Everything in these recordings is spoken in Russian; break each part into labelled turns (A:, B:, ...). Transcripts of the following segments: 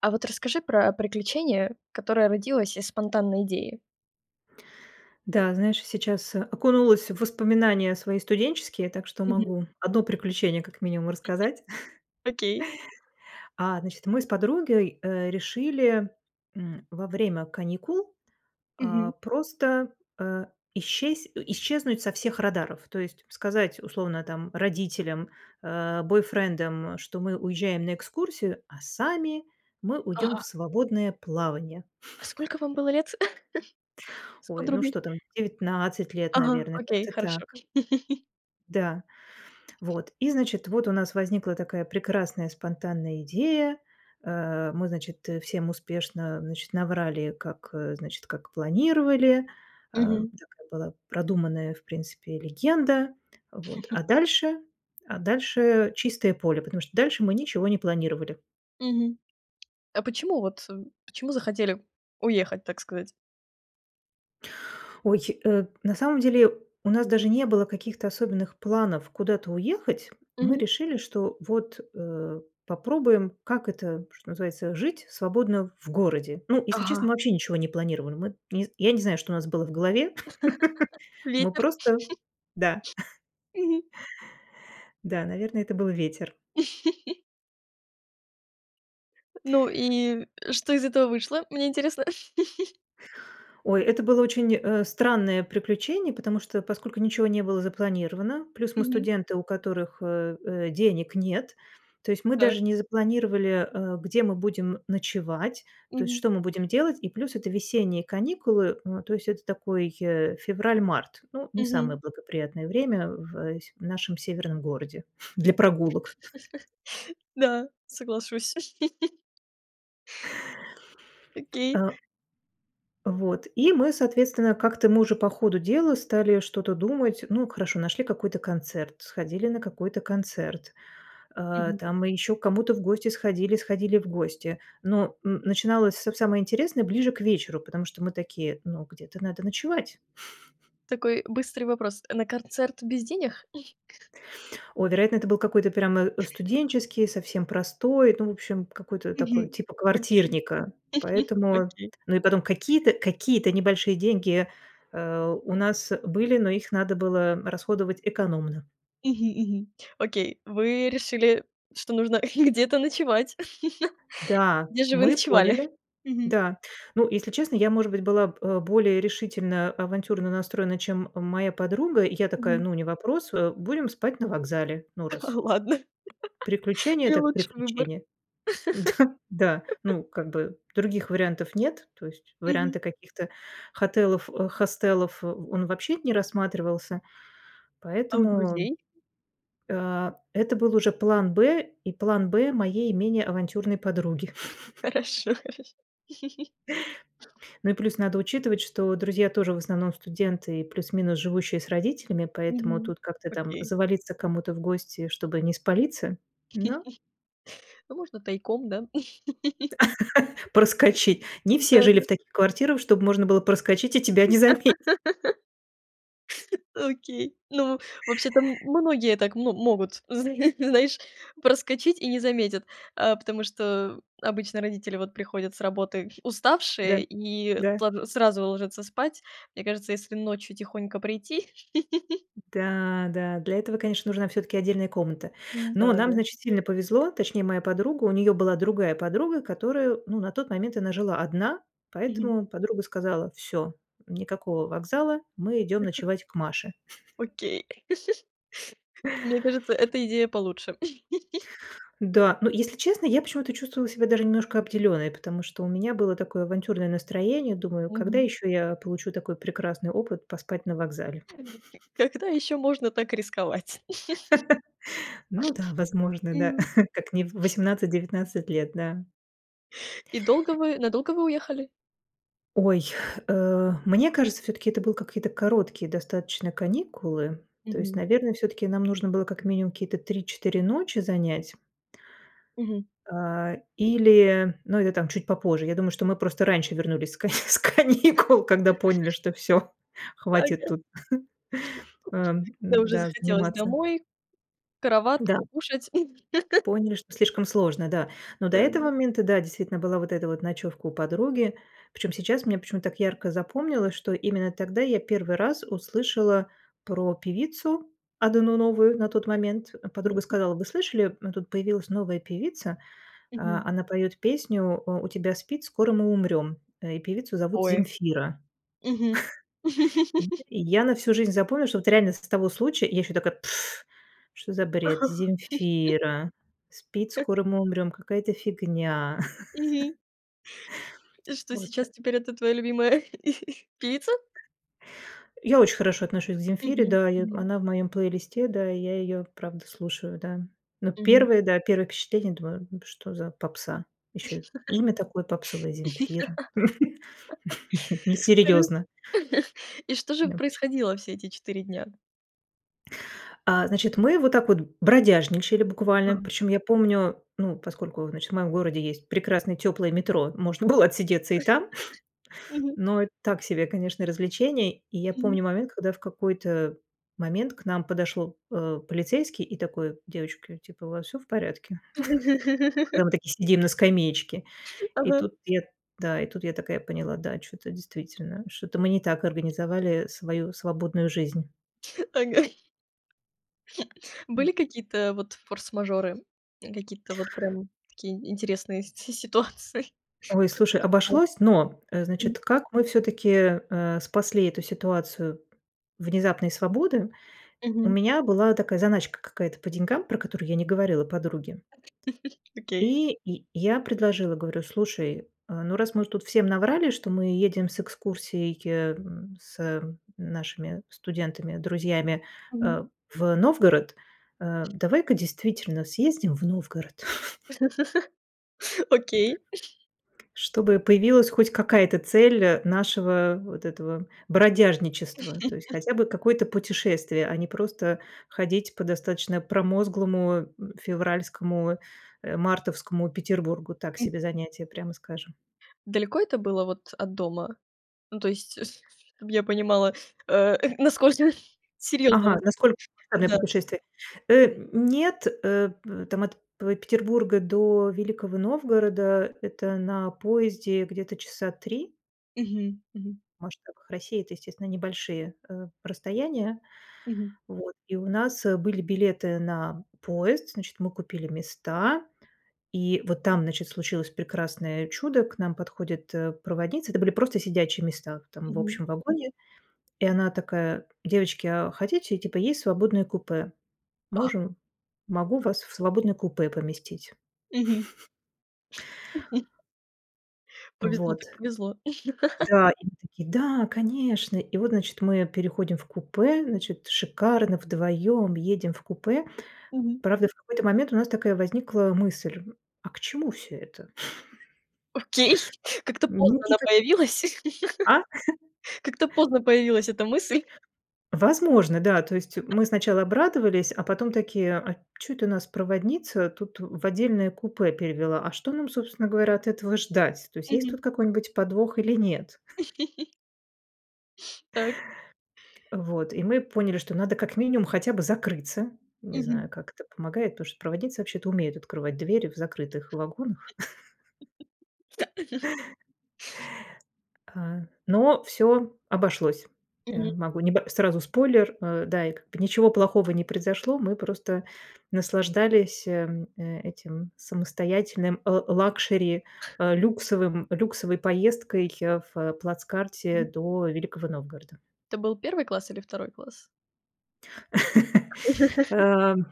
A: А вот расскажи про приключение, которое родилось из спонтанной идеи.
B: Да, знаешь, сейчас окунулась в воспоминания свои студенческие, так что
A: Мгм.
B: могу 1 приключение как минимум
A: Мгм.
B: рассказать.
A: Окей.
B: А, значит, мы с подругой, э, решили, м, во время каникул, а,
A: Мгм.
B: просто, э, исщес исчезнуть со всех радаров, то есть сказать, условно, там, родителям, э, бойфрендам, что мы уезжаем на экскурсию, а сами мы уйдем
A: Ага.
B: в свободное плавание.
A: А сколько вам было лет с
B: Ой, ну
A: подругой?
B: что там, 19 лет,
A: Ага,
B: наверное,
A: окей,
B: как-то
A: хорошо.
B: так. Да, вот, и значит, вот у нас возникла такая прекрасная спонтанная идея, э. Мы, значит, всем успешно, значит, наврали, как, э, значит, как планировали, э.
A: Мгм.
B: Такая была продуманная, в принципе, легенда, вот, а дальше, а дальше чистое поле, потому что дальше мы ничего не планировали.
A: Мгм. А почему, вот, почему захотели уехать, так сказать?
B: Ой, э, на самом деле у нас даже не было каких-то особенных планов куда-то уехать. Мы
A: Мгм.
B: решили, что вот, э, попробуем, как это, что называется, жить свободно в городе. Ну, если честно,
A: Ага.
B: мы вообще ничего не планировали. Мы н я не знаю, что у нас было в голове, мы
A: Ветер.
B: просто, да.
A: Мгм.
B: Да, наверное, это был ветер.
A: Ну и что из этого вышло, мне интересно?
B: Ой, это было очень, э, странное приключение, потому что, поскольку ничё не было запланировано, плюс мы
A: Мгм.
B: студенты, у которых, э, э, денег нет. То есть мы
A: Так.
B: даже не запланировали, э, где мы будем ночевать, то есть,
A: Мгм.
B: что мы будем делать. И плюс это весенние каникулы, м, то есть это такой, а, февраль-март. Ну, не самое
A: Мгм.
B: благоприятное время в с нашем северном городе для прогулок.
A: Да, соглашусь. Окей.
B: А. Вот. И мы, соответственно, как-то мы уже по ходу дела стали что-то думать. Ну, хорошо, нашли какой-то концерт, сходили на какой-то концерт. Э,
A: Мгм.
B: там, мы ещё к кому-то в гости сходили, сходили в гости. Но н начиналось всё самое интересное ближе к вечеру, потому что мы такие: "Ну, где-то надо ночевать".
A: Такой быстрый вопрос. На корцерт без денег?
B: О, вероятно, это был какой-то прямо, э, студенческий, совсем простой, ну, в общем, какой-то такой,
A: Мгм.
B: типа
A: Окей.
B: квартирника, поэтому.
A: Окей.
B: Ну и потом какие-то, какие-то небольшие деньги, а, у нас были, но их надо было расходовать экономно.
A: Мгм. Мгм. Окей. Вы решили, что нужно где-то ночевать.
B: Да,
A: Где же вы
B: мы
A: ночевали?
B: поняли.
A: Мгм.
B: Да. Ну, если честно, я, может быть, была б более решительно, авантюрно настроена, чем моя подруга. Я такая:
A: Мгм.
B: "Ну, не вопрос, а, будем спать на вокзале, ну, раз".
A: Ладно,
B: Приключение
A: не
B: так
A: лучший выбор.
B: приключение. Да. Да, ну, как бы, других вариантов нет, то есть
A: Мгм.
B: варианты каких-то хотелов хостелов- он вообще не рассматривался,
A: А у
B: поэтому
A: друзей?
B: Э, это был уже план Б, и план Б моей менее авантюрной подруги.
A: Хорошо. Хорошо.
B: Ну и плюс надо учитывать, что друзья тоже в основном студенты, плюс-минус живущие с родителями, поэтому
A: Мгм.
B: тут как-то там
A: Окей.
B: завалиться к кому-то в гости, чтобы не спалиться, но
A: Ну можно тайком, да?
B: Проскочить. Не все жили
A: Да-да.
B: в таких квартирах, чтобы можно было проскочить и тебя не заметят.
A: Окей. Ну, вообще-то м многие так мо могут, зн знаешь, проскочить и не заметят. А потому что обычно родители, вот, приходят с работы
B: Да,
A: уставшие и
B: да.
A: сл сразу ложатся спать. Мне кажется, если ночью тихонько прийти.
B: Да, да. Для этого, конечно, нужна всё-таки отдельная комната.
A: М,
B: Но
A: да,
B: нам,
A: да.
B: значит, сильно повезло, точнее моя подруга. У неё была другая подруга, которая, ну, на тот момент она жила одна,
A: Мгм.
B: поэтому подруга сказала: "Всё, никакого вокзала, мы идём ночевать к Маше".
A: Окей. Мне кажется, эта идея получше.
B: Да. Но если честно, я почему-то чувствовала себя даже немножко обделённой, потому что у меня было такое авантюрное настроение. Думаю, когда
A: Мгм.
B: ещё я получу такой прекрасный опыт, поспать на вокзале?
A: [unintelligible] Когда ещё можно так рисковать?
B: Ну да, возможно, да. Как не в 18-19 лет, да.
A: И долго вы, надолго вы уехали?
B: Ой, э, мне кажется, всё-таки это был какие-то короткие достаточно каникулы, то есть,
A: Мгм.
B: наверное, всё-таки нам нужно было как минимум какие-то 3-4 ночи занять
A: Мгм.
B: а, или, ну, это там, чуть попозже. Я думаю, что мы просто раньше вернулись с к с каникул, когда поняли, что всё, хватит
A: Тага.
B: тут, ам,
A: Когда
B: н
A: уже
B: да,
A: захотелось
B: заниматься.
A: домой, в
B: Да.
A: кроватку, кушать.
B: Поняли, что слишком сложно, да. Но до этого
A: Да.
B: момента, да, действительно, была вот эта вот ночёвка у подруги. Причём сейчас мне почему-то так ярко запомнилось, что именно тогда я 1 раз услышала про певицу, одну новую, на тот момент. Подруга
A: [unintelligible]
B: сказала: "Вы слышали, м, тут появилась новая певица. А,
A: Мгм.
B: она поёт песню" У тебя спид, скоро мы умрём."Э, и певицу зовут
A: Ой,
B: Земфира."
A: мгм.
B: И я на всю жизнь запомнила, что вот реально с с того случая я ещё такая: "Пф, что за бред,
A: Ага.
B: Земфира. Спид, скоро мы умрём. Какая-то фигня".
A: Мгм. И что,
B: Вот э
A: сейчас теперь это твоя любимая певица?
B: Я очень хорошо отношусь к Земфире.
A: Мгм,
B: Да, и в
A: мгм.
B: она в моём плейлисте, да, и я её правда слушаю, да. Но
A: М.
B: первые, да, первые впечатления, думаю: "Ну что за попса, ещё имя такое попсовое- Земфира.
A: Тр
B: Несерьезно".
A: И что же
B: Необычно.
A: происходило все эти 4 дня?
B: А, значит, мы вот так вот бродяжничали, буквально,
A: Ага.
B: причём я помню, ну, поскольку, значит, в моем городе есть прекрасное тёплое метро, можно было отсидеться и там.
A: Мгм.
B: Но это так себе, конечно, развлечение. И я
A: Мгм.
B: помню момент, когда в какой-то момент к нам подошёл, а, полицейский и такой: "Девочки, типа, у вас всё в порядке?" Когда мы такие, сидим на скамеечке. И
A: Ага.
B: тут я да, и тут я такая поняла, да, чё-то действительно, что-то мы не так организовали свою свободную жизнь.
A: Ага.
B: М.
A: Были какие-то, вот, форс-мажоры, какие-то вот, прям, такие интересные си ситуации?
B: Ой, слушай,
A: А,
B: обошлось, но, э,
A: м.
B: значит, как мы всё-таки, э, спасли эту ситуацию внезапной свободы. У
A: Мгм.
B: меня была такая заначка какая-то по деньгам, про которую я не говорила подруге.
A: Окей.
B: И я я предложила, говорю, слушай, а, ну, раз мы уже тут всем наврали, что мы едем с экскурсией, м, с, э, нашими студентами, друзьями,
A: Мгм.
B: а, в Новгород. А давай-ка действительно съездим в Новгород.
A: Окей.
B: Чтобы появилась хоть какая-то цель, э, нашего, вот этого, бродяжничества. То есть хотя бы какое-то путешествие, а не просто ходить по достаточно промозглому февральскому, а, мартовскому Петербургу. Так
A: М
B: себе занятие, прямо скажем.
A: Далеко это было, вот, от дома? Ну, то есть, с-с чтобы я понимала, а, насколько
B: Ага,
A: серьёзно.
B: насколько серьезное
A: Да.
B: путешествие? Э, нет, э, п там от п Петербурга до Великого Новгорода- это на поезде где-то часа 3.
A: Мгм, мгм.
B: В масштабах России это, естественно, небольшие, а, расстояния.
A: Мгм.
B: Вот. И у нас были билеты на поезд, значит, мы купили места. И вот там, значит, случилось прекрасное чудо, к нам подходит, э, проводница. Это были просто сидячие места, там, в
A: Мгм.
B: общем вагоне. И она такая: "Девочки, а хотите, типа, есть свободное купе?
A: А!
B: Можем, могу вас в свободное купе поместить".
A: Мгм. Повезло
B: Вот.
A: так повезло.
B: Да, и мы такие: "Да, конечно!" И вот, значит, мы переходим в купе, значит, шикарно, вдвоём, едем в купе.
A: Мгм.
B: Правда, в какой-то момент у нас такая возникла мысль- а к чему всё это?
A: Окей, как-то
B: Ну
A: поздно
B: ти
A: она
B: как.
A: появилась.
B: А?
A: Как-то поздно появилась эта мысль.
B: Возможно, да. То есть мы сначала обрадовались, а потом такие, а чё это нас проводница тут в отдельное купе перевела? А что нам, собственно говоря, от этого ждать? То есть, есть
A: Мгм.
B: тут какой-нибудь подвох или нет?
A: Так.
B: Вот, и мы поняли, что надо как минимум хотя бы закрыться. Не знаю,
A: Мгм.
B: как это помогает, потому что проводиться вообще-то умеют открывать двери в закрытых вагонах. А. Но всё обошлось. А,
A: Мгм.
B: могу неб сразу спойлер, а, да, и как бы ничего плохого не произошло. Мы просто наслаждались, эм, этим самостоятельным л лакшери, а, люксовым люксовой поездкой в плацкарте
A: Мгм.
B: до Великого Новгорода.
A: Это был первый класс или второй класс?
B: Ам.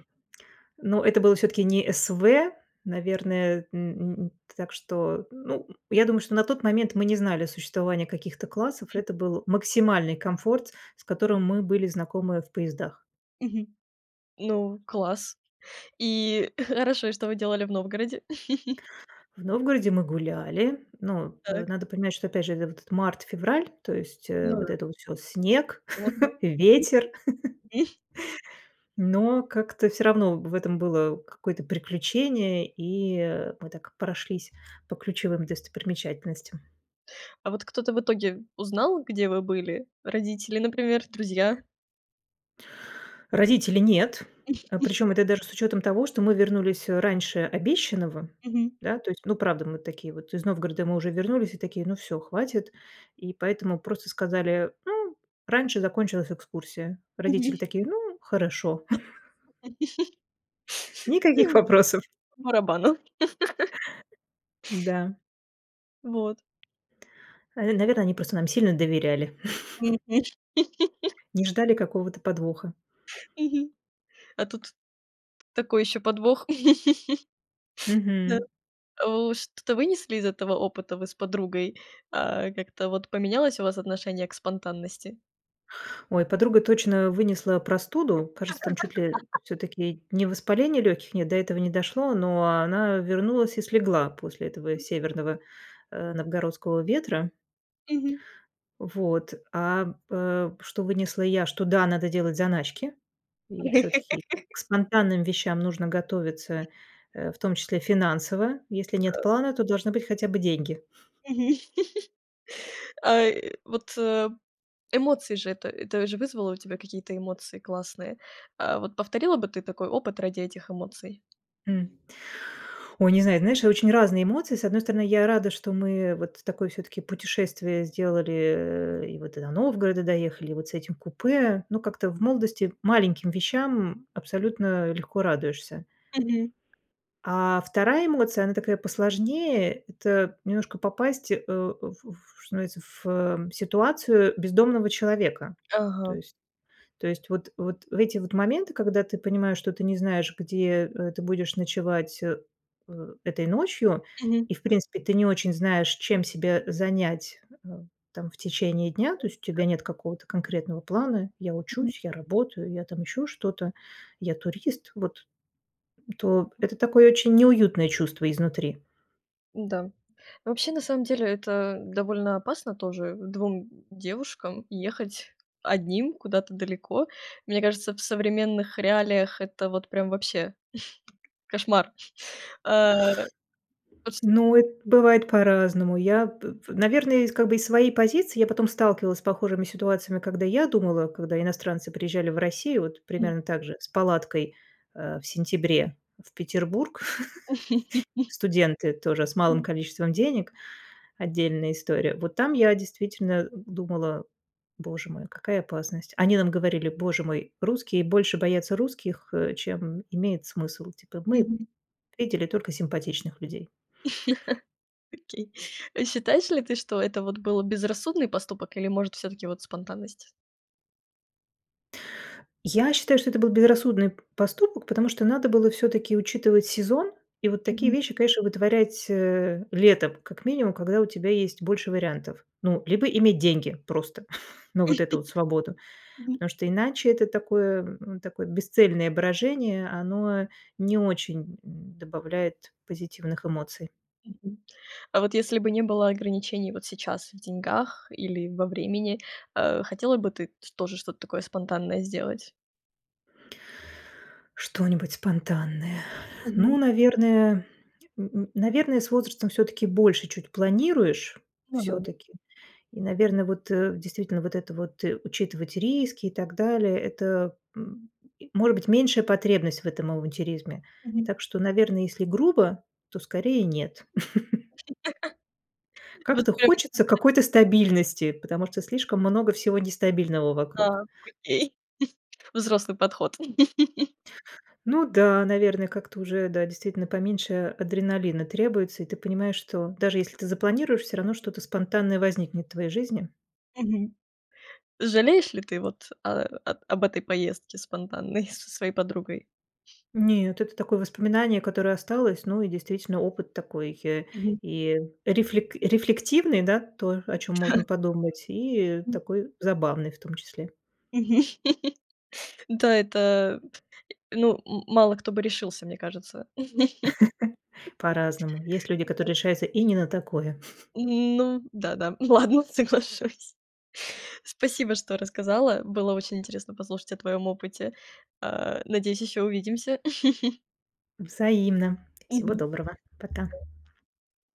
B: Ну, это было всё-таки не СВ, наверное. Н н так что, ну, м, я думаю, что на тот момент мы не знали о существовании каких-то классов, это
A: Мгм.
B: был максимальный комфорт, с которым мы были знакомы в поездах.
A: Мгм. Ну, класс. И хорошо, и что вы делали в Новгороде?
B: В Новгороде мы гуляли, но, а,
A: Так.
B: надо понимать, что опять же, это вот март-февраль, то есть, э,
A: Ну
B: вот
A: да.
B: это вот сейчас снег,
A: Годно. Мгм.
B: ветер.
A: М.
B: Но как-то всё равно в этом было какое-то приключение, и, а, мы так прошлись по ключевым достопримечательностям.
A: А вот кто-то в итоге узнал, где вы были? Родители, например, друзья?
B: Родители- нет, а, причём это даже с учётом того, что мы вернулись раньше обещанного,
A: Мгм.
B: да, то есть. Ну, правда, мы такие вот, из Новгорода мы уже вернулись, и такие: "Ну всё, хватит", и поэтому просто сказали: "Ну, раньше закончилась экскурсия". Родители
A: Мгм.
B: такие: "Ну, хорошо". Никаких вопросов.
A: По барабану.
B: Да.
A: Вот.
B: Э, наверно, они просто нам сильно доверяли
A: Мгм.
B: не ждали какого-то подвоха.
A: Мгм. А тут такой ещё подвох. Да.
B: Мгм.
A: У, что-то вынесли из этого опыта вы с подругой? А, как-то вот поменялось у вас отношение к спонтанности?
B: Ой, подруга точно вынесла простуду. Кажется, там чуть ли, э, всё-таки не воспаление лёгких нет, до этого не дошло, но она вернулась и слегла после этого северного, э, новгородского ветра.
A: Мгм.
B: Вот. А, м, э, что вынесла я- что, да, надо делать заначки, и всё-таки к спонтанным вещам нужно готовиться, э, в том числе финансово. Если нет плана, то должны быть хотя бы деньги.
A: Мгм. Ай, вот, э, эмоции же это, это же вызвало у тебя какие-то эмоции классные? А вот повторила бы ты такой опыт ради этих эмоций?
B: М. Ой, не знаю, знаешь, и очень разные эмоции. С одной стороны, я рада, что мы, э, вот такое всё-таки путешествие сделали, э, и вот и до Новгорода доехали, и вот с этим купе. Но как-то в молодости маленьким вещам абсолютно легко радуешься.
A: Мгм.
B: А 2 эмоция, она такая посложнее: это немножко попасть, э, у, в в что становится, в ситуацию бездомного человека. То
A: Ага.
B: есть, то есть вот, вот в эти вот моменты, когда ты понимаешь, что ты не знаешь, где, э, ты будешь ночевать, э, э этой ночью,
A: Мгм.
B: и, в принципе, ты не очень знаешь, чем себя занять, э, там в течение дня. То
A: Вот
B: есть, у тебя
A: так.
B: нет какого-то конкретного плана: я
A: Мгм.
B: учусь, я работаю, я там ещё что-то, я турист. Вот, то это такое очень неуютное чувство изнутри.
A: Да. Ну. Вообще, на самом деле, это довольно опасно тоже, 2 д девушкам ехать одним, куда-то далеко. Мне кажется, в современных реалиях это вот прям вообще, кошмар. Э.. [unintelligible]
B: Ну эт бывает по-разному. Я п п наверное, я из, как бы, из своей позиции я потом сталкивалась с похожими ситуациями, когда я думала, когда иностранцы приезжали в Россию, вот
A: М.
B: примерно так же с палаткой, э, в сентябре, в Петербург. Э, студенты тоже, с малым
A: М.
B: количеством денег. Отдельная история. Вот там я действительно, э, думала: боже мой, какая опасность. Они нам говорили: "Боже мой, русские больше боятся русских, э, чем имеет смысл." Типа: "Мы
A: Мгм.
B: видели только симпатичных людей."
A: Окей. А считаешь ли ты, что это вот было, безрассудный поступок или, может, всё-таки вот спонтанность?
B: Я считаю, что это был безрассудный п поступок, потому что надо было всё-таки учитывать сезон и вот такие
A: Мгм.
B: вещи, конечно, вытворять, э, летом, как минимум, когда у тебя есть больше вариантов. Ну, либо иметь деньги просто на вот эту вот свободу,
A: Мгм.
B: потому что иначе это такое, м, ну такое бесцельное брожение. Оно не очень д добавляет позитивных эмоций.
A: Мгм. А вот если бы не было ограничений вот сейчас в деньгах или во времени, э, хотела бы ты ч тоже что-то такое спонтанное сделать?
B: Что-нибудь спонтанное? Ну,
A: Мгм.
B: наверное, н н наверное, с возрастом всё-таки больше чуть планируешь,
A: [unintelligible]
B: всё-таки. И, наверное, вот, э, действительно, вот это вот, э, учитывать риски и так далее- это, м и, может быть, меньшая потребность в этом авантюризме.
A: Мгм.
B: Так что, наверно, если грубо, то скорее нет.
A: Вы
B: Как-то
A: успели.
B: хочется
A: [unintelligible]
B: какой-то стабильности, потому что слишком много всего нестабильного вокруг.
A: Так, окей. Взрослый подход.
B: Ну да, наверное, как-то уже, да, действительно, поменьше адреналина требуется, и ты понимаешь, что даже если ты запланируешь, всё равно что-то спонтанное возникнет в твоей жизни.
A: Мгм. Жалеешь ли ты вот, а, об об этой поездке спонтанной со своей подругой?
B: Нет, это такое воспоминание, которое осталось, ну, и действительно опыт такой, э,
A: Мгм.
B: и, рефлек рефлективный, да? То, о чём можно подумать, и
A: М.
B: такой забавный, в том числе.
A: Мгм. Да, это п и, ну, м мало кто бы решился, мне кажется..
B: По-разному. Есть люди, которые
A: [unintelligible]
B: решаются и не на такое.
A: Ну да-да, ну ладно, соглашусь. Спасибо, что рассказала. Было очень интересно послушать о твоём опыте. А, надеюсь, ещё увидимся.
B: Взаимно. Всего
A: Мгм.
B: доброго, пока.
A: Да.